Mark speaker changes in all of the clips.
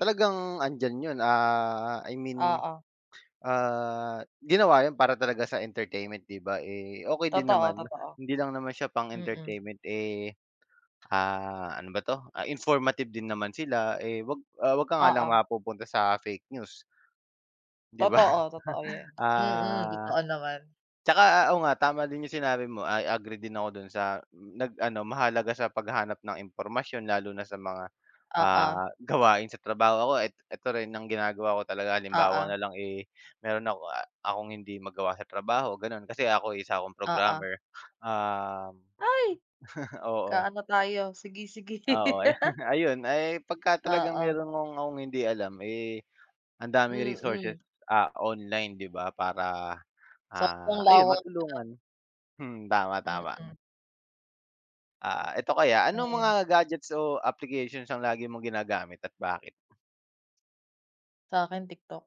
Speaker 1: Talagang andiyan yun, ah, I mean,
Speaker 2: Oo.
Speaker 1: ah, ginawa yun para talaga sa entertainment, 'di ba? Eh, okey din
Speaker 2: Totoo,
Speaker 1: naman,
Speaker 2: totoo.
Speaker 1: hindi lang naman siya
Speaker 2: Mm.
Speaker 1: pang-entertainment, eh, ah, ano ba 'to, ah, informative din naman sila, eh, 'wag 'wag ka nga lang
Speaker 2: Oo.
Speaker 1: mapupunta sa fake news, 'di ba?
Speaker 2: Totoo, totoo 'yan. Mm,
Speaker 1: Ah,
Speaker 2: totoo naman.
Speaker 1: 'tsaka oo nga tama din yung sinabi mo, I agree din ako dun sa nag-ano mahalaga sa paghahanap ng impormasyon, lalo na sa mga,
Speaker 2: Oo.
Speaker 1: ah, gawain sa trabaho. Ako i ito rin ang ginagawa ko talaga halimbawa
Speaker 2: Oo.
Speaker 1: na lang, eh, meron ako a akong hindi magawa sa trabaho ganon, kasi ako'y, isa akong
Speaker 2: Oo.
Speaker 1: programmer, ah
Speaker 2: Ay,
Speaker 1: oo.
Speaker 2: kaano tayo. Sige, sige.
Speaker 1: Oo, ay, ayun, ay pagka talagang
Speaker 2: Oo.
Speaker 1: meron kong akong hindi alam, eh, ang daming resources,
Speaker 2: Mm.
Speaker 1: ah, online, 'di ba, para, ah,
Speaker 2: Sobrang
Speaker 1: ayun
Speaker 2: lawak na.
Speaker 1: matulungan. Hmm, tama, tama.
Speaker 2: Mm.
Speaker 1: Ah, eto kaya anong mga
Speaker 2: Ayun.
Speaker 1: gadgets o applications ang lagi mong ginagamit at bakit?
Speaker 2: Sa'kin, TikTok.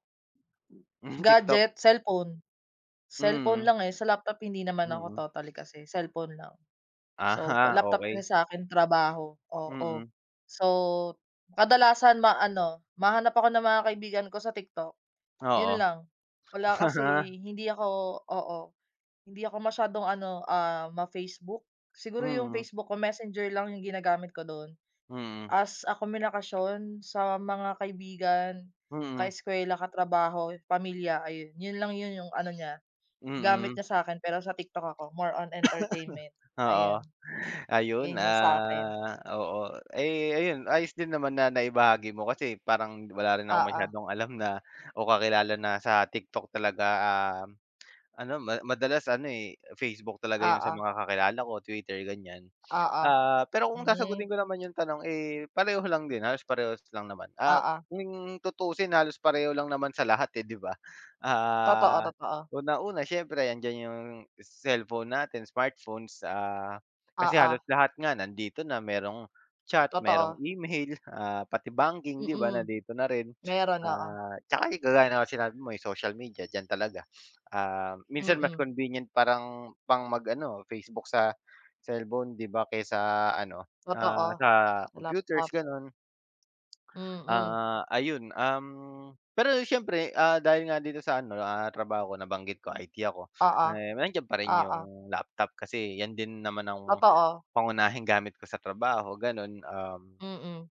Speaker 1: Hmm, TikTok.
Speaker 2: Gadget? Cellphone, cellphone
Speaker 1: Mm.
Speaker 2: lang, eh, sa laptop hindi naman ako
Speaker 1: Mm.
Speaker 2: totally, kasi cellphone lang. So, pa
Speaker 1: Aha,
Speaker 2: laptop, kasi
Speaker 1: okey.
Speaker 2: sa'kin trabaho oo
Speaker 1: Mm.
Speaker 2: so kadalasan maano, mahanap ako ng mga kaibigan ko sa TikTok, yun
Speaker 1: Oo.
Speaker 2: lang. Wala kasi hindi ako, oo, hindi ako masyadong ano, ah, ma-Facebook. Siguro yung
Speaker 1: Mm.
Speaker 2: Facebook ko Messenger lang yung ginagamit ko dun
Speaker 1: Mm.
Speaker 2: as a komunikasyon sa mga kaibigan,
Speaker 1: Mm.
Speaker 2: kaeskuwela, katrabaho, pamilya. Ayun, yun lang yun, yung ano niya, gamit
Speaker 1: Mm.
Speaker 2: niya sa'kin pero sa TikTok ako more on entertainment ayun.
Speaker 1: Oo. Ayun,
Speaker 2: Yung yun sa'kin.
Speaker 1: ah, oo. Ay, ayun, ayos din naman na naibahagi mo kasi parang wala rin akong
Speaker 2: Oo.
Speaker 1: masyadong alam na o kakilala na sa TikTok talaga. Ah, ano ma madalas ano, eh, Facebook talaga yun sa
Speaker 2: Oo.
Speaker 1: mga kakilala ko, Twitter ganyan.
Speaker 2: Oo,
Speaker 1: Ah, pero kung
Speaker 2: hmm.
Speaker 1: sasagutin ko naman yung tanong, eh, pareho lang din, halos parehas lang naman. Ah,
Speaker 2: Oo.
Speaker 1: kung tutusin halos pareho lang naman sa lahat eh, 'di ba?
Speaker 2: Totoo,
Speaker 1: Ah,
Speaker 2: totoo.
Speaker 1: unang-una, siyempre, andiyan yung cellphone natin, smartphones, ah, kasi
Speaker 2: Oo.
Speaker 1: halos lahat nga nandito na merong chat, merong
Speaker 2: Totoo.
Speaker 1: email, ah, pati banking, 'di ba,
Speaker 2: Mm.
Speaker 1: nandito na rin.
Speaker 2: Meron, oo.
Speaker 1: Ah, 'tsaka kagaya na sinabi mo ay social media diyan talaga. Ah, minsan mas
Speaker 2: Mm.
Speaker 1: convenient parang pang mag-ano Facebook sa cellphone, 'di ba, kaysa sa ano, ah,
Speaker 2: Totoo,
Speaker 1: sa
Speaker 2: sa
Speaker 1: computers
Speaker 2: laptop.
Speaker 1: ganon.
Speaker 2: Mm.
Speaker 1: Ah, ayun, um, pero siyempre, ah, dahil nga dito sa ano, ah, trabaho ko nabanggit ko IT ako,
Speaker 2: Oo,
Speaker 1: eh, nandiyan pa rin
Speaker 2: oo.
Speaker 1: yung laptop kasi 'yan din naman ang
Speaker 2: Totoo.
Speaker 1: pangunahing gamit ko sa trabaho ganon, um.
Speaker 2: Mm.